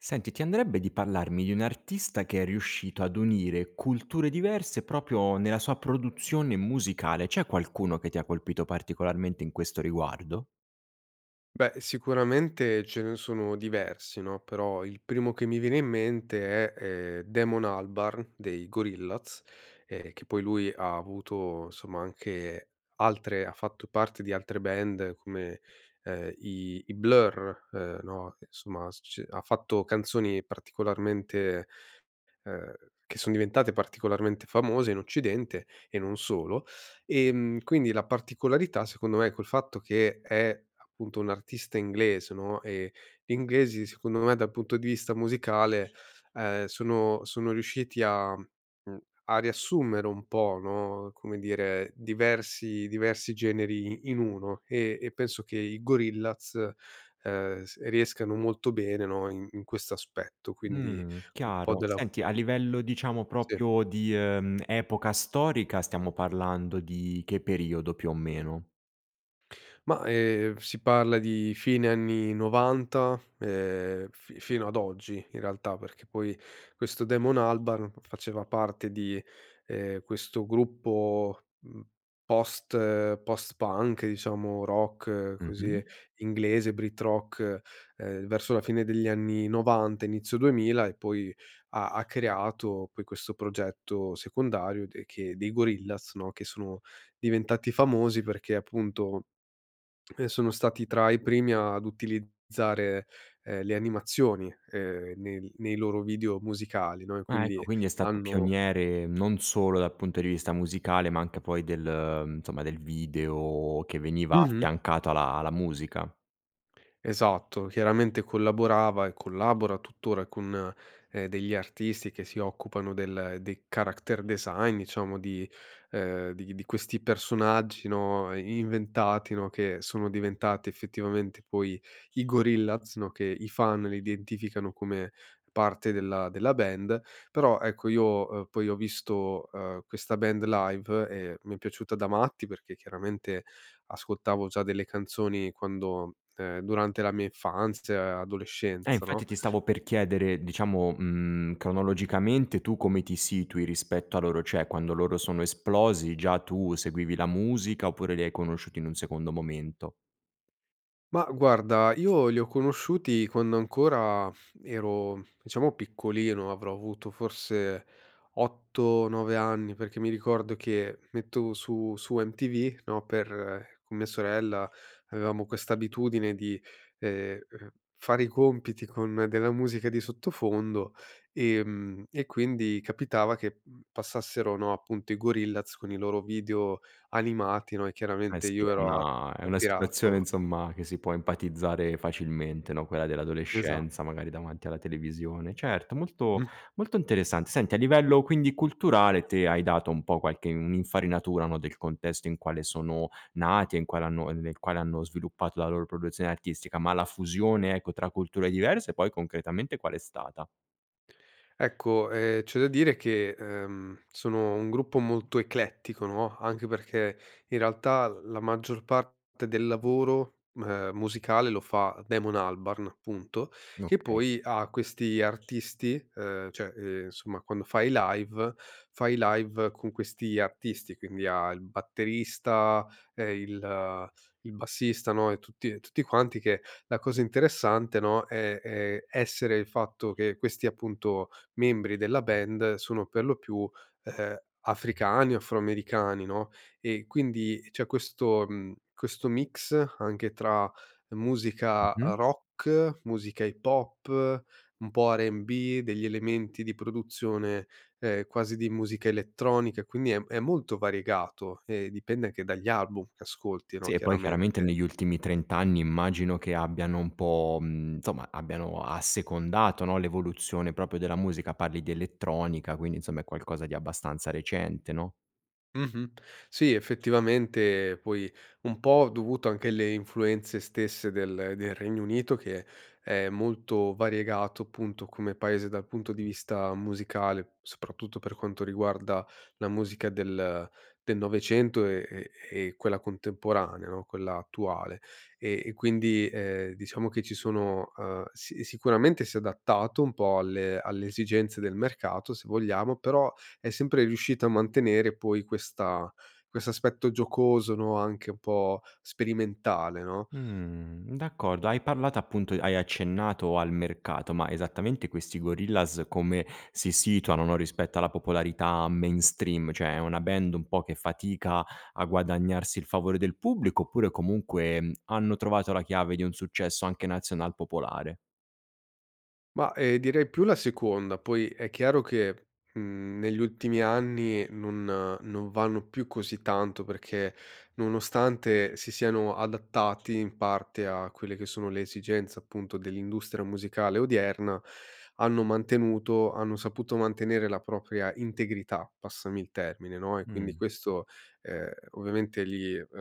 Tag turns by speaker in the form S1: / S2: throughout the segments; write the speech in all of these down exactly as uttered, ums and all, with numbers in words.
S1: Senti, ti andrebbe di pallarmi di un artista che è riuscito ad unire culture diverse, propio nella sua produzione musicale, c'è qualcuno che ti ha colpito particolarmente in questo riguardo?
S2: Beh, sicuramente ce ne sono diversi, no, però, il primo che mi viene in mente è, ehm, Damon Albarn dei Gorillaz, ehm, che poi lui ha avuto, insomma, anche altre ha fatto parte di altre band come, uhm, i i Blur, uhm, no, insomma, s c ha fatto canzoni particolarmente uhm, che son diventate particolarmente famose in occidente, e non solo. Ehm, quindi la particolarità, secondo me, col fatto che è, appunto, un artista inglese, no, e, gli inglesi, secondo me, dal punto di vista musicale, uhm, sono sono riusciti a mhmm, a riassumere un po', no, come dire, diversi diversi generi i in uno, e e penso che i Gorillaz, uhm, s riescano molto bene, no, in in quest'aspetto, quindi,
S1: Mh.
S2: un po'
S1: Chiaro.
S2: della cu
S1: Senti, a livello, diciamo,
S2: Sì.
S1: propio di, uhm, epoca storica stiamo parlando di che periodo, più o meno?
S2: Ma, ehm, f si parla di fine anni novanta, ehm, fi fino ad oggi, in realtà, perché, poi, questo Damon Albarn faceva parte di, ehm, questo gruppo, mhmm, post post-punk, diciamo, rock così,
S1: Mh-mh.
S2: inglese, brit rock, uhm, verso la fine degli anni novanta inizio duemila, e poi, ha ha creato, poi, questo progetto secondario de che dei Gorillaz, no, che sono diventati famosi perché appunto, ehm, sono stati tra i primi ad utilizzare, ehm, le animazioni, ehm, nel nei loro video musicali, no, e
S1: Ah,
S2: quindi
S1: ecco quindi è stato
S2: hanno
S1: pioniere, non solo dal punto di vista musicale, ma anche poi del mhmm, nsomma, del video che veniva
S2: Mh-mh.
S1: affiancato alla alla musica.
S2: Esatto, chiaramente collaborava e collabora tuttora con, ehm, degli artisti che si occupano del dei character design, diciamo di uhm, di di questi personaggi, no, i inventati, no, che sono diventati effettivamente, poi, i Gorillaz, no, che i fan li identificano come parte della della band, però, ecco io, uhm, poi, ho visto, uhm, questa band live e mi è piaciuta da matti perché, chiaramente, ascoltavo già delle canzoni quando uhm, durante la mia infanzia,
S1: Eh,
S2: adolescenza, no?
S1: infatti ti stavo per chiedere, diciamo, mhmm, cronologicamente tu come ti situi rispetto a loro, ceh, quando loro sono esplosi già tu seguivi la musica, oppure li hai conosciuti in un secondo momento?
S2: Ma, guarda io li ho conosciuti quando ancora ero, diciamo, piccolino, avrò avuto forse otto nove anni, perché mi ricordo che mettovo su su MTV, no, per con mia sorella, avevamo questa abitudine di, ehm, uhm, fare i compiti con della musica di sottofondo, ehm, e quindi capitava che, mhmm, passassero, no, appunto, i Gorillaz con i loro video animati, no, e
S1: Eh
S2: chiaramente
S1: sì,
S2: io
S1: è
S2: ero a
S1: una è una situazione,
S2: attirato
S1: insomma, che si può empatizzare facilmente, no, quella
S2: Esatt
S1: dell'adolescenza, magari, davanti alla televisione. Certo, molto
S2: Mh-mh.
S1: molto interessant Senti, a livello, quindi, culturale te hai dato un po' qualche un'infarinatura, no, del contesto in quale sono nati e in quale hanno ehm, nel quale hanno sviluppato la loro produzione artistica, ma la fusione, ecco, tra culture diverse, poi, concretamente qual è stata?
S2: Ecco, ehm, c'è da dire che, ehm, sono un gruppo molto eclettico, no, anche perché in realtà l la maggior parte del lavoro m ehm, musicale lo fa Damon Albarn, punto. Che
S1: Okay.
S2: poi ha questi artisti ehm, cioè, ehm, nsomma quando fa i live, fa i live con questi artisti, quindi ha il batterista, ehm, il il bassista, no, e tutti e tutti quanti che la cosa interessante, no, è ehm, essere il fatto che questi, appunto, membri della band sono per lo più, uhm, africani o afroamericani, no, e quindi c'è questo, mhmm, questo mix, anche tra musica
S1: Mh-mh.
S2: rock, musica hip hop, un po' R&B, degli elementi di produzione, ehm quasi di musica elettronica, quindi è m è molto variegato e dipende anche dagli album che ascolti, no,
S1: Sì, e poi chiaramente
S2: chiaramente.
S1: negli ultimi trent immagino che abbiano un po', mhmm, nsomma abbiano assecondato, no, l'evoluzione proprio della musica. Parli di elettronica, quindi, insomma è qualcosa di abbastanza recente, no?
S2: Mh-mh. Sì, effettivamente poi, un po' dovuto anche alle influenze stesse del del Regno Unito che è molto variegato appunto come paese dal punto di vista musicale, soprattutto per quanto riguarda la musica del del novecento e e e quella contemporanea, no, quella attuale e e quindi, ehm, diciamo che ci sono, uhm si sicuramente si è adattato un po' alle alle esigenze del mercato se vogliamo, però è sempre riuscita a mantenere poi questa quest'aspetto giocoso, no, anche un po' sperimentale, no?
S1: Mh. D'accordo hai parlato appunto hai accennato al mercato, ma esattamente questi Gorillaz come si situano, no, rispetto alla popolarità mainstream? ciè, è una band un po' che fatica a guadagnarsi il favore del pubblico, oppure comunque, mhmm, hanno trovato la chiave di un successo anche nazional popolare?
S2: Ma, ehm direi più la seconda. Poi, è chiaro che, mhmm, negli ultimi anni non non vanno più così tanto, perché nonostante si siano adattati in parte a quelle che sono le esigenze appunto dell'industra musicale odierna, hanno mantenuto hanno saputo mantenere la propria integrità, passami il termine, no, e quindi
S1: Mh.
S2: questo, ehm, ovviamente li uhm,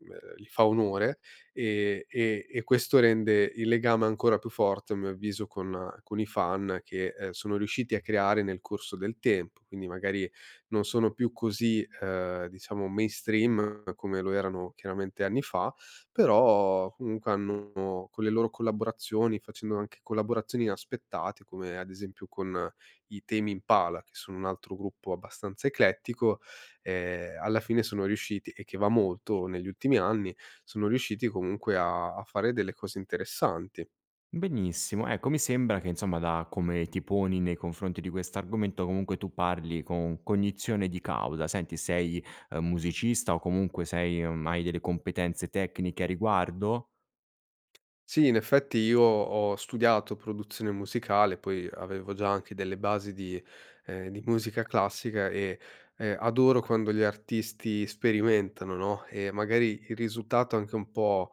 S2: ehm, li fa onore, ehm e e questo rende il legame ancora più forte a mio avviso con con i fan che, ehm, sono riusciti a creare nel corso del tempo. Quindi magari non sono più così, uhm, diciamo mainstream come lo erano chiaramente anni fa, però comunque hanno, con le loro collaborazioni, facendo anche collaborazioni inaspettate, come ad esempio con i Tame Impala, che sono un altro gruppo abbastanza eclettico, ehm, alla fine sono riusciti e che va molto negli ultimi anni, sono riusciti comunque, a a fare delle cose interessanti.
S1: Benissimo. Ecco, mi sembra che insomma, da come ti poni nei confronti di questo argomento, comunque tu parli con cognizione di causa. Senti, sei, ehm, musicista o comunque sei o, mhmm, hai delle competenze tecniche a riguardo?
S2: Sì, in effetti io ho studiato produzione musicale, poi avevo già anche delle basi di, ehm, di musica classiga e e adoro quando gli artisti sperimentano, no, e magari il risutato è anche un po',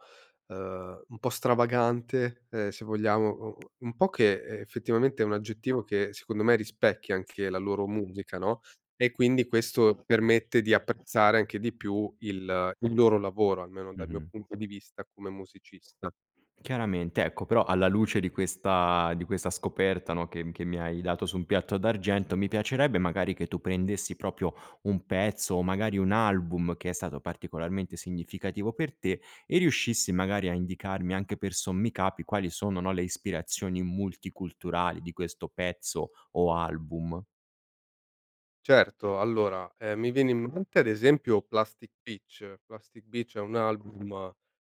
S2: uhm, un po' stravagante e se vogliamo o o un un po' che e effettivamente è un aggettivo che secondo me rispecchia anche la loro musica, no, e quindi questo permette di apprezzare anche di più il il loro lavoro, almeno dal mio
S1: Mh-mh.
S2: punto di vista come musicista.
S1: Chiaramente. Ecco, però alla luce di questa di questa scoperta, no, che m che mi hai dato su un piatto d'argento, mi piacerebbe magari che tu prendessi proprio un pezzo, o magari un album che è stato particolarmente significativo per te, e riuscissi magari a indicarmi anche per sommi capi quali sono, no, le ispirazioni multiculturali di questo pezzo, o album.
S2: Certo. Allora, ehm, mi viene in mente ad esempio Plastic Beach. Plastic Beach è un album,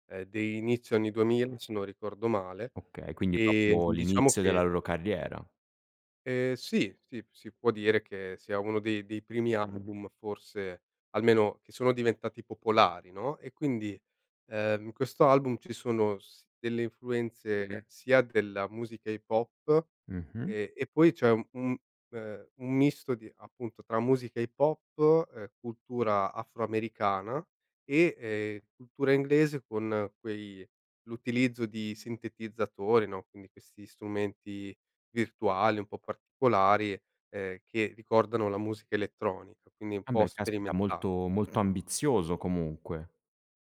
S2: ehm dei inizio anni duemila se non ricordo male,
S1: Okay, quindi
S2: ehm
S1: proprio
S2: di diciamo
S1: l'inizio della
S2: che
S1: loro carriera.
S2: Ehm, sì, sì, si può dire che sia uno dei dei primi adbum forse almeno, che sono diventati popolari, no, e quindi, ehm, in questo album ci sono s delle influenze sia della musica hip hop
S1: Mh-mh.
S2: e e poi c'è un un, uhm, un misto di appunto tra musica hip hop e cultura afroamericana e, ehm, cultura inglese con quei l'utilizzo di sintetizzatori, no, quindi questi strumenti virtuali, un po' particolari, ehm, che ricordano la musica elettronica, quindi un po'
S1: Embè, caspita!
S2: sperimentale.
S1: Molto molto ambizioso comunque.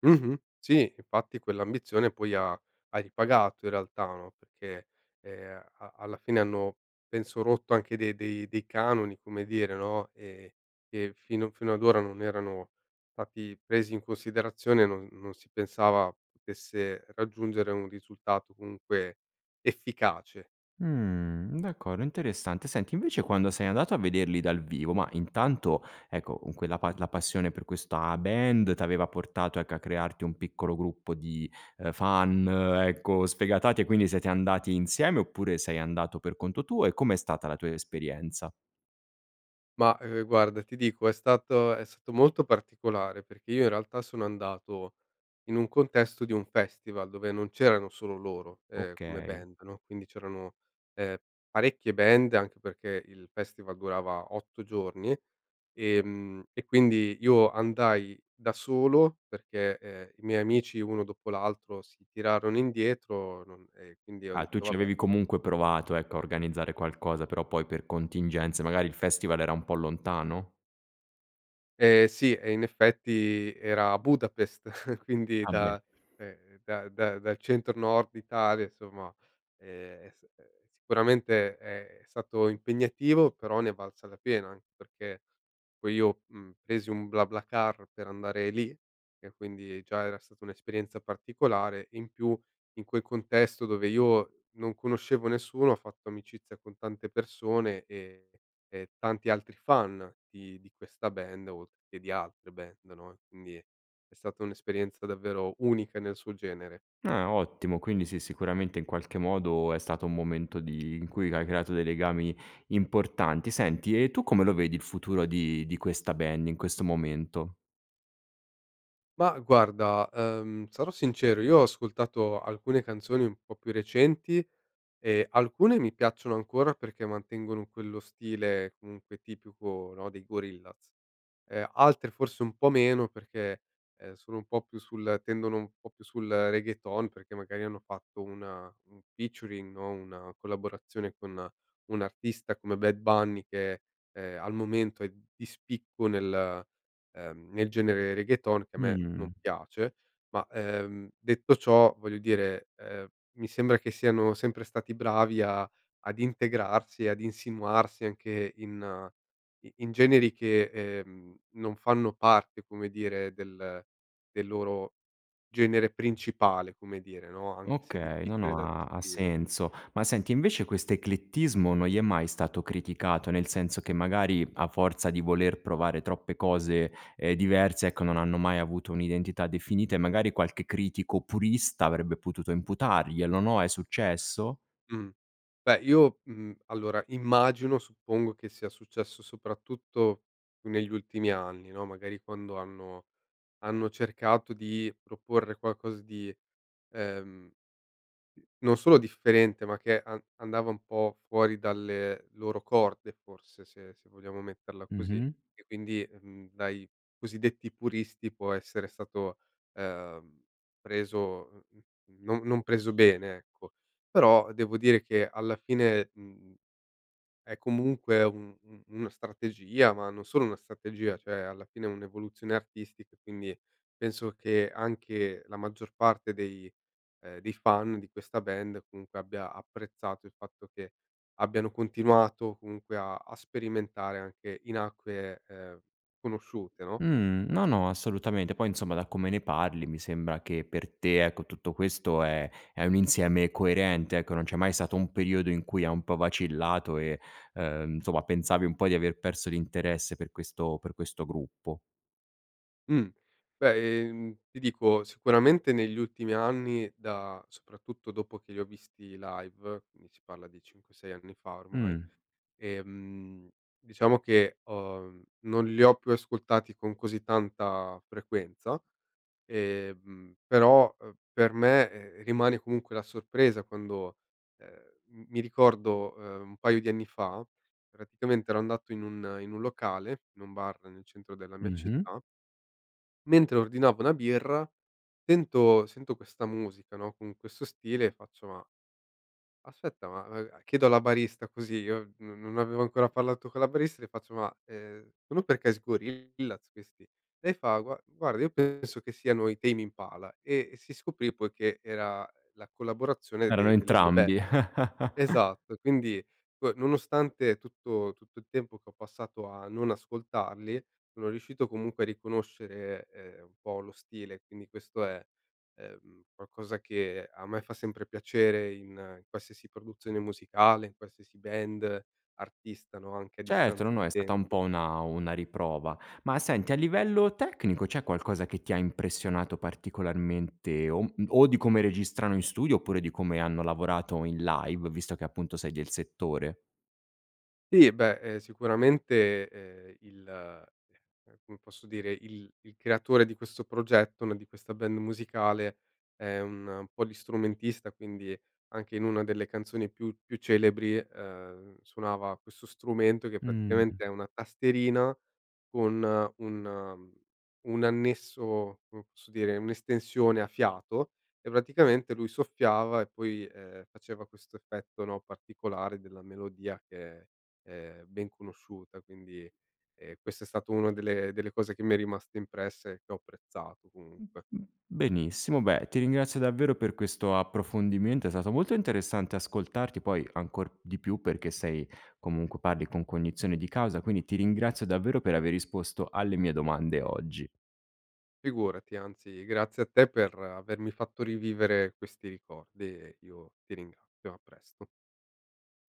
S2: Mh-mh. Sì, infatti quell'ambizione poi ha ha ripagato in realtà, no, perché, ehm a alla fine hanno penso rotto anche de dei dei dei canoni, come dire, no, ehm, e fino fino ad ora non erano stati presi in considerazione non non si pensava potesse raggiungere un risultato comunque efficace.
S1: Mh. D'accordo, interessante. Senti invece quando sei andato a vederli dal vivo, mah, intanto, ecco, con quella pa la passione per questa band t'aveva portato ecco a crearti un piccolo gruppo di, ehm, fan, ecco, sfegatati. E quindi siete andati insieme oppure sei andato per conto tuo, e com'è stata la tua esperienza?
S2: Ma, ehm, guarda ti dico è stato è stato molto particolare, perché io in realtà sono andato in un contesto di un festival dove non c'erano solo loro, ehm, come
S1: Okay.
S2: band, no, quindi c'erano, ehm parecchie band anche perché il festival durava otto giorni. Ehm, e quindi io andai da solo perché, ehm, i miei amici uno dopo l'altro si tirarono indietro non e quindi ho
S1: Ah, tu
S2: detto:
S1: ci
S2: "Vabbè"
S1: avevi comunque provato, ecco, a organizzare qualcosa, però poi per contingenze magari il festival era un po' lontano?
S2: Ehm, sì e in effetti era a Budapest. Quindi
S1: Ah beh.
S2: da cioè da da dal centro nord Italia insomma, ehm, sì eh. Sicuramente è stato impegnativo, però ne è valsa la pena. Anche perché poi io, mhmm, presi un BlaBlaCar per andare lì, che quindi già era stata un'esperienza particolare e in più in quel contesto dove io non conoscevo nessuno ho fatto amicizia con tante persone e e e tanti altri fan di di questa band oltre che di altre band, no, e quindi è stata un'esperienza davvero unica nel suo genere.
S1: Ah ottimo! Quindi sì, sicuramente in qualche modo è stato un momento di in cui hai creato dei legami importanti. Senti, e tu come lo vedi il futuro di di questa band in questo momento?
S2: Ma guarda, uhm, sarò sincero. Io ho ascoltato alcune canzoni un po' più recenti. E, alcune mi piacciono ancora, perché mantengono quello stile comunque, tipico, no, dei Gorillaz. Ehm, altre forse un po' meno, perché, ehm, sono un po' più sul tendono un po' più sul Reggaeton, perché magari hanno fatto una un featuring no, una collaborazione con un artista come Bad Bunny, che, ehm, al momento è di spicco nel, ehm, nel genere Reggaeton, che a me non
S1: Mh-mh.
S2: piace. Ma, ehm, detto ciò, voglio dire, ehm, mi sembra che siano sempre stati bravi a ad integrarsi e ad insinuarsi anche in i in generi che, ehm, non fanno parte, come dire, del del loro genere principale, come dire, no, anche se è
S1: Okay. No,
S2: difficile
S1: no.
S2: da
S1: Ha ha
S2: descrivere.
S1: senso. Ma senti, invece quest'eclettismo non gli è mai stato criticato? Nel senso che magari, a forza di voler provare troppe cose, ehm, diverse ecco, non hanno mai avuto un'identità definita. E magari, qualche critico purista, avrebbe potuto imputarglielo, no, è successo?
S2: Mh. Beh io, mhmm, allora immagino, suppongo che sia successo soprattutto negli ultimi anni no? Magari quando hanno hanno cercato di proporre qualcosa di ehm non solo differente, ma che an andava un po' fuori dalle loro corde forse, se se vogliamo metterla così,
S1: Mh-mh.
S2: e quindi, mhmm, dai cosiddetti puristi può essere stato, ehm, preso, uhm, mhmm, mhmm, non non preso bene, ecco. Però devo dire che alla fine, mhmm, è comunque un un una strategia, ma non solo una strategia, ceh alla fine è un'evoluzione artistica. Quindi penso che anche la maggior parte dei, ehm, dei fan di questa band comunque abbia apprezzato il fatto che abbiano continuato comunque a a sperimentare anche in acque, ehm, conosciute, no?
S1: Mh. No, no, assolutamente, poi insomma, da come ne parli mi sembra che per te ecco, tutto questo è è un insieme coerente ecco, non c'è mai sato un periodo in cui ha un po' vacillato e, uhm, nsomma pensavi un po' di aver perso l'interesse per questo per questo gruppo.
S2: Mh. Beh, ehm ti dico: sicuramente negli ultimi anni da soprattutto dopo che li ho visti live, ni si parla di cinque sei anni fa ormai,
S1: Mh.
S2: ehm, diciamo che ho mhmm, non li ho più ascoltati con così tanta frequenza, ehm, però, uhm, per me, ehm, rimane comunque la sorpresa quando, ehm, m mi ricordo, ehm, un paio di anni fa, praticamente ero andato in un in un locale, in un bar nel centro della mia
S1: Mh-mh.
S2: città mentre ordinavo una birra tento sento questa musica no? Con questo stile faccio: "Ma, aspetta ma" ehm, chiedo alla barista, così, io n non avevo ancora parlato con la barista, le faccio: "Ma, ehm, ono per caso i Gorillaz questi?" Lei fa: "Gua guarda io penso che siano i Tame Impala" e e si scoprì poi che era la collaborazione
S1: Erano
S2: de delle due band.
S1: entrambi.
S2: Esatto, quindi poi nonostante tutto tutto il tempo che ho passato a non ascoltarli sono riuscito comunque a riconoscere ehm, un po' lo stile, quindi questo è, ehm, qualcosa che a me fa sempre piacere in qualsiasi produzione musicale, in qualsiasi band, artista, no? Anche a
S1: Certo! No,
S2: distanza di
S1: no, è stata un
S2: tempo.
S1: po' una una riprova. Ma senti, a livello tecnico, c'è qualcosa che ti ha impressionato particolarmente o um o di come registrano in studio oppure di come hanno lavorato in live, visto che appunto sei del settore?
S2: tì, beh, ehm, sicuramente, ehm, il, ehm, come posso dire? Il il creatore di questo progetto, no, di questa band musicale è un polistrumentista quindi anche in una delle canzoni più più celebri, ehm, suonava questo strumento che
S1: Mh.
S2: praticamente è una tastierina con un un annesso, come posso dire, un'estensione a fiato e praticamente lui soffiava e poi, ehm, faceva questo effetto, no, particolare, della melodia che è, ehm, ben conosciuta quindi, ehm, questa è stato una delle delle cose che mi è rimasto impresse e che ho apprezzato, comunque.
S1: Benissimo. Beh, ti ringrazio davvero per questo approfondimento. È stato molto interessante ascoltarti poi, ancor di più, perché sei comunque parli con cognizione di causa, quindi ti ringrazio davvero per aver risposto alle mie domande oggi.
S2: Figurati, anzi grazie a te per avermi fatto rivivere questi ricordi e io ti ringrattio. A presto.